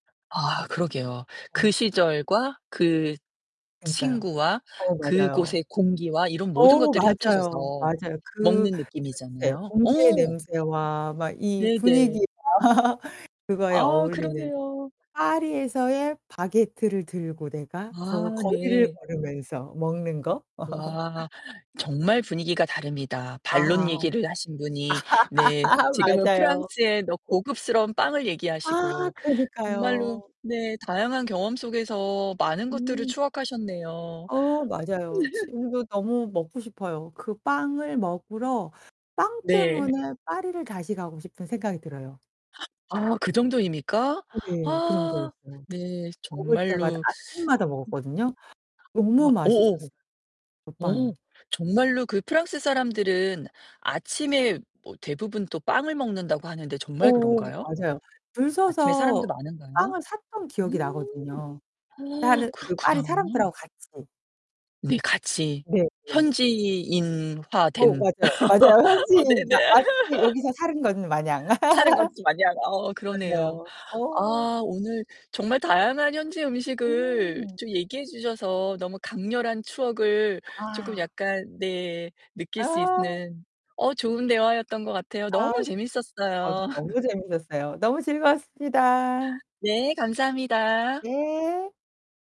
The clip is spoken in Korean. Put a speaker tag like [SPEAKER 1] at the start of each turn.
[SPEAKER 1] 아, 그러게요.
[SPEAKER 2] 네.
[SPEAKER 1] 그 시절과 그
[SPEAKER 2] 그러니까요.
[SPEAKER 1] 친구와
[SPEAKER 2] 어우 맞아요.
[SPEAKER 1] 그곳의 공기와 이런 모든
[SPEAKER 2] 어우
[SPEAKER 1] 것들이
[SPEAKER 2] 맞아요,
[SPEAKER 1] 합쳐져서
[SPEAKER 2] 맞아요. 그
[SPEAKER 1] 먹는
[SPEAKER 2] 냄새,
[SPEAKER 1] 느낌이잖아요. 어
[SPEAKER 2] 공기의 냄새와 막 이
[SPEAKER 1] 네네.
[SPEAKER 2] 분위기와 그거에
[SPEAKER 1] 아,
[SPEAKER 2] 어울리는
[SPEAKER 1] 그러네요.
[SPEAKER 2] 파리에서의 바게트를 들고 내가 거
[SPEAKER 1] 아,
[SPEAKER 2] 거리를
[SPEAKER 1] 네.
[SPEAKER 2] 걸으면서 먹는 거.
[SPEAKER 1] 우와 정말 분위기가 다릅니다. 반론
[SPEAKER 2] 아.
[SPEAKER 1] 얘기를 하신 분이 네 지금은
[SPEAKER 2] 맞아요.
[SPEAKER 1] 프랑스의 럭 고급스러운 빵을
[SPEAKER 2] 아,
[SPEAKER 1] 얘기하시고 정말로
[SPEAKER 2] 그러니까요.
[SPEAKER 1] 네 다양한 경험 속에서 많은 것들을
[SPEAKER 2] 음.
[SPEAKER 1] 추억하셨네요.
[SPEAKER 2] 어, 맞아요. 지금도 너무 먹고 싶어요. 그 빵을 먹으러 빵
[SPEAKER 1] 네.
[SPEAKER 2] 때문에 파리를 다시 가고 싶은 생각이 들어요.
[SPEAKER 1] 아 그정도입니까?
[SPEAKER 2] 네,
[SPEAKER 1] 아.
[SPEAKER 2] 그정도였어요.
[SPEAKER 1] 네,
[SPEAKER 2] 먹을 때마다
[SPEAKER 1] 정말로.
[SPEAKER 2] 아침마다
[SPEAKER 1] 음.
[SPEAKER 2] 먹었거든요.
[SPEAKER 1] 와
[SPEAKER 2] 너무
[SPEAKER 1] 어어
[SPEAKER 2] 맛있었어요, 그 빵이.
[SPEAKER 1] 어 정말로 그 프랑스 사람들은 아침에 뭐 대부분 또 빵을 먹는다고 하는데 정말
[SPEAKER 2] 오오
[SPEAKER 1] 그런가요?
[SPEAKER 2] 맞아요. 줄
[SPEAKER 1] 아침에 사람도
[SPEAKER 2] 서서 그
[SPEAKER 1] 많은가요?
[SPEAKER 2] 빵을 샀던
[SPEAKER 1] 음
[SPEAKER 2] 기억이 나거든요,
[SPEAKER 1] 어,
[SPEAKER 2] 다른 그 파리
[SPEAKER 1] 그렇구나.
[SPEAKER 2] 사람들하고 같이.
[SPEAKER 1] 우리 같이
[SPEAKER 2] 네 네. 어우,
[SPEAKER 1] 현지인화된.
[SPEAKER 2] 맞아요. 맞아요.
[SPEAKER 1] 어,
[SPEAKER 2] 현지인
[SPEAKER 1] 네네.
[SPEAKER 2] 마치 여기서 사는 것 마냥.
[SPEAKER 1] 사는 건 좀 많이 알아. 어어, 그러네요.
[SPEAKER 2] 맞아요. 어.
[SPEAKER 1] 아 오늘 정말 다양한 현지 음식을
[SPEAKER 2] 음.
[SPEAKER 1] 좀 얘기해 주셔서 너무 강렬한 추억을 쪼끔
[SPEAKER 2] 아.
[SPEAKER 1] 약간 네 느낄 수
[SPEAKER 2] 아.
[SPEAKER 1] 있는 어 좋은 대화였던 것 같아요.
[SPEAKER 2] 아.
[SPEAKER 1] 너무
[SPEAKER 2] 저도
[SPEAKER 1] 재밌었어요.
[SPEAKER 2] 너무 재밌었어요. 너무 즐거웠습니다.
[SPEAKER 1] 네, 감사합니다.
[SPEAKER 2] 네.